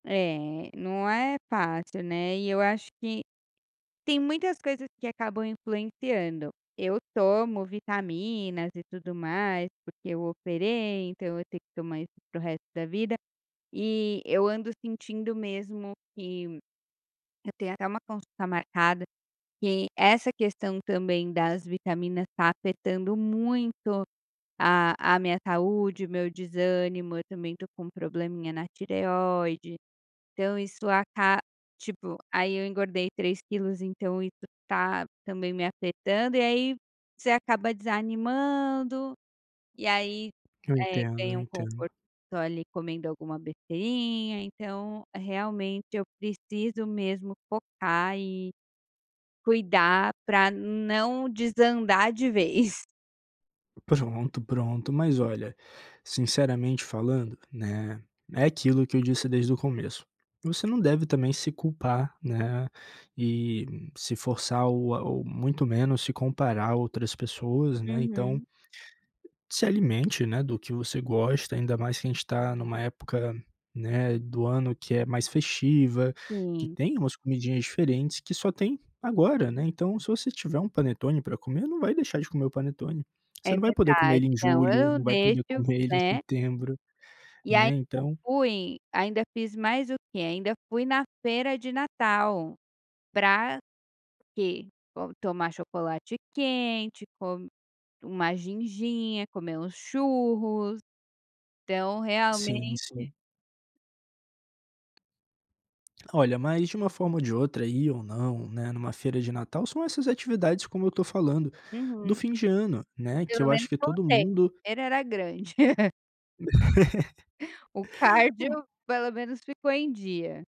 É, não é fácil, né. E eu acho que tem muitas coisas que acabam influenciando. Eu tomo vitaminas e tudo mais, porque eu operei, então eu tenho que tomar isso para o resto da vida. E eu ando sentindo mesmo que, eu tenho até uma consulta marcada, que essa questão também, das vitaminas, está afetando muito a a minha saúde, o meu desânimo, eu também estou com probleminha na tireoide, então isso aca tipo, aí eu engordei 3 quilos, então isso está também me afetando, e aí você acaba desanimando. E aí, Eu eh, entendo, eu ganha um entendo. conforto, ali, comendo alguma besteirinha, então realmente, eu preciso mesmo focar e cuidar pra não desandar de vez. Pronto, pronto. Mas olha, sinceramente falando, né, é aquilo que eu disse desde o começo, você não deve também se culpar, né, e se forçar ou a ou muito menos se comparar a outras pessoas, né, então Uhum. se alimente, né, do que você gosta, ainda mais que a gente está em uma época, né, do ano que é mais festiva, que Sim. tem umas comidinhas diferentes que só tem agora, né, então, se você tiver um panetone pra comer, não vai deixar de comer o panetone. É Você não vai poder comer verdade. ele em Não, ou julho, eu não vai poder deixo, comer ele em né. setembro, E ainda né, então fui ainda fiz mais o quê? Ainda fui na feira de Natal. Pra quê? Bom, tomar chocolate quente, com uma ginginha, comer uns churros. Então Sim, realmente sim. Olha, mas de uma forma ou de outra, ir ou não, né, em uma feira de Natal, são essas atividades, como eu estou falando, do Uhum. fim de ano, né, que Pelo eu acho menos que todo voltei. mundo A feira era grande. O Hu cardio pelo menos ficou em dia.